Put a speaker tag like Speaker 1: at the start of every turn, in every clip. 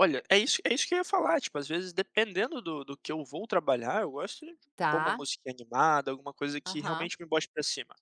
Speaker 1: Olha, é isso é isso que eu ia falar, tipo, às vezes dependendo do do que eu vou trabalhar, eu gosto de pôr uma
Speaker 2: Tá.
Speaker 1: música animada alguma coisa que
Speaker 2: Aham.
Speaker 1: realmente me bote pra cima,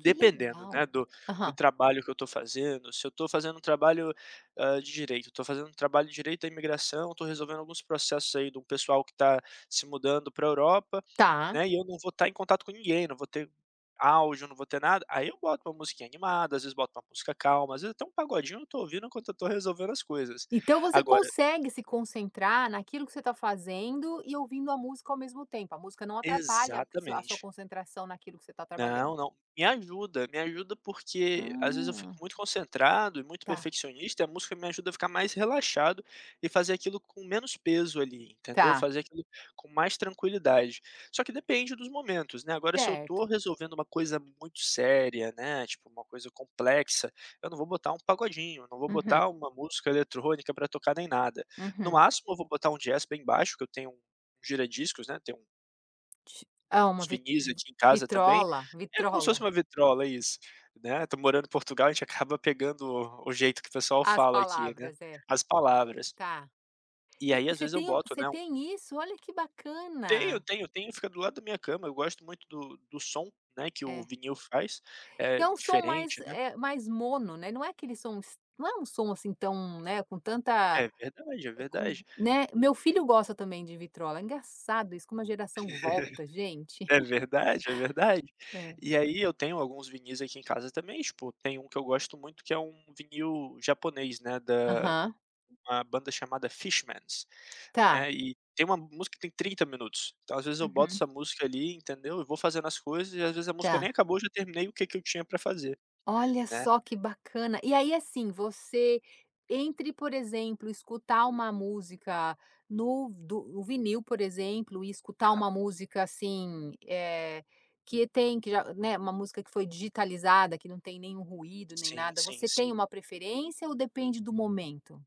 Speaker 2: Que
Speaker 1: né,
Speaker 2: legal,
Speaker 1: do do
Speaker 2: aham.
Speaker 1: trabalho que eu estou fazendo, se eu estou fazendo um trabalho, hã, de direito, eu estou fazendo um trabalho de direito à imigração, estou resolvendo alguns processos aí de um pessoal que tá se mudando pra Europa,
Speaker 2: Tá.
Speaker 1: né, e eu não vou estar em contato com ninguém, não vou ter áudio, não vou ter nada, aí eu boto uma musiquinha animada, às vezes boto uma música calma, às vezes até um pagodinho eu não estou ouvindo enquanto eu estou resolvendo as coisas,
Speaker 2: Então, você
Speaker 1: agora
Speaker 2: consegue se concentrar naquilo que você está fazendo e ouvindo a música ao mesmo tempo, a música não atrapalha sua a sua
Speaker 1: Exatamente.
Speaker 2: concentração naquilo que você tá trabalhando.
Speaker 1: Não, não, me ajuda me ajuda, porque às vezes eu fico
Speaker 2: Ah.
Speaker 1: muito concentrado e muito
Speaker 2: Tá.
Speaker 1: perfeccionista e a música me ajuda a ficar mais relaxado, e fazer aquilo com menos peso ali entendeu,
Speaker 2: Tá.
Speaker 1: fazer aquilo com mais tranquilidade, só que depende dos momentos, né, agora se eu estou
Speaker 2: Certo.
Speaker 1: resolvendo uma coisa muito séria, né, tipo uma coisa complexa, eu não vou botar um pagodinho, não vou
Speaker 2: Uhum.
Speaker 1: botar uma música eletrônica pra tocar nem nada, no
Speaker 2: Uhum.
Speaker 1: máximo eu vou botar um jazz bem baixo, que eu tenho um gira discos, né, tem um
Speaker 2: Te Ah uma
Speaker 1: uns
Speaker 2: vi
Speaker 1: vinis aqui em casa também
Speaker 2: vitrola,
Speaker 1: é como se
Speaker 2: vitrola.
Speaker 1: fosse uma vitrola isso, né, estou morando em Portugal a gente acaba pegando o jeito que o pessoal
Speaker 2: As
Speaker 1: fala aqui, né,
Speaker 2: palavras é.
Speaker 1: as palavras.
Speaker 2: Tá.
Speaker 1: E
Speaker 2: E
Speaker 1: aí
Speaker 2: e
Speaker 1: às
Speaker 2: você
Speaker 1: vezes eu
Speaker 2: tem
Speaker 1: boto
Speaker 2: você
Speaker 1: né, um
Speaker 2: tem isso, olha que
Speaker 1: Tenho,
Speaker 2: bacana.
Speaker 1: tenho, tenho fica do lado da minha cama, eu gosto muito d-o do som, né, que o
Speaker 2: É.
Speaker 1: vinil faz,
Speaker 2: E
Speaker 1: é
Speaker 2: é um som mais,
Speaker 1: diferente, né.
Speaker 2: eh, mais mono, né, não é aquele som s não é um som, assim, tão, né, com tanta
Speaker 1: É verdade, é
Speaker 2: com,
Speaker 1: verdade.
Speaker 2: né, meu filho gosta também de vitrola, engraçado isso como a geração volta gente.
Speaker 1: É verdade, é verdade.
Speaker 2: É.
Speaker 1: E aí eu tenho alguns vinis aqui em casa também, tipo, tem um que eu gosto muito que é um vinil japonês, né, da
Speaker 2: Aham.
Speaker 1: uma banda chamada Fishmans,
Speaker 2: Tá.
Speaker 1: né, e tem uma música que tem 30 minutos, então às vezes eu boto
Speaker 2: Uhum.
Speaker 1: essa música ali, entendeu, e vou fazendo as coisas e às vezes a música nem
Speaker 2: Tá.
Speaker 1: acabou já terminei o que que eu tinha pra fazer,
Speaker 2: Olha
Speaker 1: né.
Speaker 2: só que bacana, e aí, assim, você entre, por exemplo, escutar uma música no do o vinil, por exemplo, e escutar
Speaker 1: Aham.
Speaker 2: uma música, assim, eh, que tem que já, né, uma música que foi digitalizada, que não tem nenhum ruído nem
Speaker 1: Sim,
Speaker 2: nada,
Speaker 1: sim,
Speaker 2: você tem
Speaker 1: sim.
Speaker 2: uma preferência ou depende do momento?